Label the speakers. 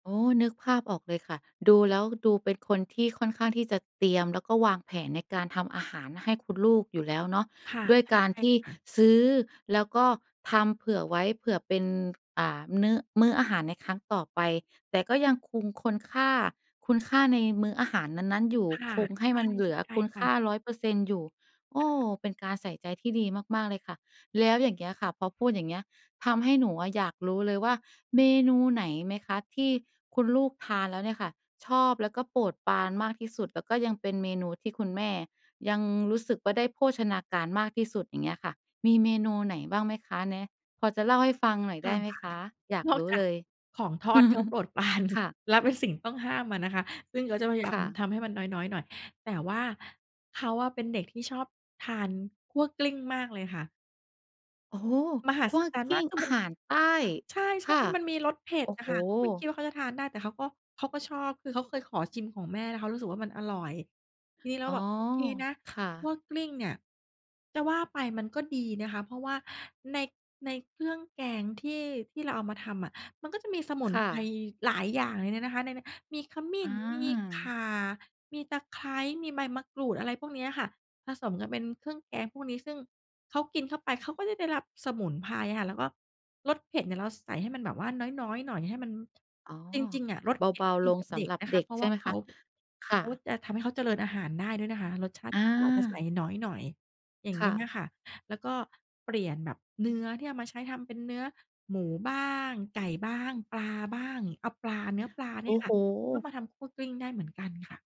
Speaker 1: อ๋อ นึกภาพออกเลยค่ะ ดูแล้วดูเป็นคนที่ค่อนข้างที่จะเตรียม แล้วก็วางแผนในการทำอาหารให้คุณลูกอยู่แล้วเนาะ
Speaker 2: ค่ะ
Speaker 1: ด้วยการ
Speaker 2: ใช่
Speaker 1: ที่
Speaker 2: ค่ะ
Speaker 1: ซื้อแล้วก็ทำเผื่อไว้ เผื่อเป็น อ่า นื้อ มื้ออาหารในครั้งต่อไป แต่ก็ยังคง คนค่า คุณค่าในมื้ออาหารนั้น ๆ อยู่
Speaker 2: ค่ะ
Speaker 1: คงให้มันเหลือ
Speaker 2: ใช
Speaker 1: ค
Speaker 2: ่
Speaker 1: ุณ
Speaker 2: ๆ ค่
Speaker 1: ค่า
Speaker 2: ะ
Speaker 1: 100% อยู่ โอ้ ก็เป็นการใส่ใจที่ดีมาก ๆ เลยค่ะ แล้วอย่างเงี้ยค่ะ พอพูดอย่างเงี้ย ทำให้หนูอะอยากรู้เลยว่า เมนูไหนไหมคะที่คุณลูกทานแล้วเนี่ยค่ะชอบ แล้วก็โปรดปรานมากที่สุด? แล้วก็ยังเป็นเมนูที่คุณแม่ยังรู้สึกว่า ได้โภชนาการมากที่สุด? อย่างเงี้ยค่ะ มีเมนูไหนบ้างไหมคะ? แนะ พอจะเล่าให้ฟังหน่อย
Speaker 2: ท
Speaker 1: ได้ไหม
Speaker 2: ำค่ะ
Speaker 1: คะ? อยาก
Speaker 2: นอ
Speaker 1: ร
Speaker 2: ก
Speaker 1: ู้
Speaker 2: จา
Speaker 1: เ
Speaker 2: ก
Speaker 1: ลย
Speaker 2: ของทอด เขาโปรด ปราน
Speaker 1: ค่ะ
Speaker 2: และเป็นสิ่งต้องห้ามอะนะคะ ซึ่งเขาจะพยาย
Speaker 1: ค
Speaker 2: าม
Speaker 1: ่ะ
Speaker 2: ทำให้มันน้อย ๆ หน่อย แต่ว่าเขาอะเป็นเด็กที่ชอบทานคั่วกลิ้งมากเลยค่ะ
Speaker 1: โอ้โฮ
Speaker 2: มหั
Speaker 1: คั
Speaker 2: ศ
Speaker 1: ่ว
Speaker 2: จรรย
Speaker 1: ก
Speaker 2: ์ม
Speaker 1: ล
Speaker 2: า
Speaker 1: ิ้
Speaker 2: ก
Speaker 1: ง
Speaker 2: คือ
Speaker 1: อา
Speaker 2: มัน
Speaker 1: หารใต้
Speaker 2: ใช
Speaker 1: ค
Speaker 2: ่
Speaker 1: ่ะ
Speaker 2: ๆ มันมีรสเผ็
Speaker 1: โอ
Speaker 2: ด
Speaker 1: ้
Speaker 2: อ
Speaker 1: โฮ
Speaker 2: ะค่ะ ก็ไม่คิดว่าเขาจะทานได้ แต่เขาก็ เขาก็ชอบ คือเขาเคยขอชิมของแม่ แล้วเขารู้สึกว่ามันอร่อย ทีนี้เรา
Speaker 1: อ๋
Speaker 2: ก็
Speaker 1: อ
Speaker 2: แบบ โอเคนะ
Speaker 1: ค่
Speaker 2: ขั
Speaker 1: ะ
Speaker 2: ้วกลิ้งเนี่ย จะว่าไปมันก็ดีนะคะ เพราะว่าใน ในเครื่องแกงที่ ที่เราเอามาทำอะ มันก็จะมีสมุน
Speaker 1: ค่
Speaker 2: ไพร
Speaker 1: ะ
Speaker 2: หลายอย่างเลยนะ นะคะในนั้น มีขมิ้
Speaker 1: อ
Speaker 2: น มีข
Speaker 1: า
Speaker 2: ่า มีตะไคร้ มีใบมะกรูด อะไรพวกเนี้ยค่ะ ผสมกันเป็นเครื่องแกงพวกนี้ ซึ่งเขากินเข้าไป เขาก็จะได้รับสมุนไพรอะค่ะ แล้วก็รสเผ็ดเนี่ยเราใส่ให้มันแบบว่าน้อย ๆ หน่อย ให้มัน
Speaker 1: อ๋อ
Speaker 2: จริง ๆ อะ รส
Speaker 1: เ
Speaker 2: เผ็
Speaker 1: บ
Speaker 2: ด
Speaker 1: า
Speaker 2: ก็
Speaker 1: ๆ
Speaker 2: ดี
Speaker 1: ลง
Speaker 2: กับ
Speaker 1: ส
Speaker 2: เด
Speaker 1: ำ
Speaker 2: ็
Speaker 1: ห
Speaker 2: ก
Speaker 1: รับ
Speaker 2: นะ
Speaker 1: เ
Speaker 2: ค
Speaker 1: ด
Speaker 2: ะ
Speaker 1: ็ก
Speaker 2: เพราะ
Speaker 1: ใช
Speaker 2: ว
Speaker 1: ่
Speaker 2: ่า
Speaker 1: ไหม
Speaker 2: เข
Speaker 1: ค
Speaker 2: า
Speaker 1: ะ? ค่
Speaker 2: เขา
Speaker 1: ะ
Speaker 2: จะทำให้เขาเจริญอาหารได้ด้วยนะคะ รสชาติ
Speaker 1: อ
Speaker 2: ก็อาจจะใส่
Speaker 1: า
Speaker 2: น้อยหน่อย อย่าง
Speaker 1: ค
Speaker 2: เงี
Speaker 1: ่
Speaker 2: ้ย
Speaker 1: ะ
Speaker 2: น่ะค่ะ แล้วก็เปลี่ยนแบบเนื้อที่เอามาใช้ทำเป็นเนื้อหมูบ้าง ไก่บ้าง ปลาบ้าง เอาปลา เนื้อปลาเ
Speaker 1: โ
Speaker 2: น
Speaker 1: อ
Speaker 2: ี
Speaker 1: ้
Speaker 2: ่ยค
Speaker 1: โ
Speaker 2: ่
Speaker 1: ฮ
Speaker 2: ะ ก็มาทำคั่วกลิ้งได้เหมือนกันค่ะ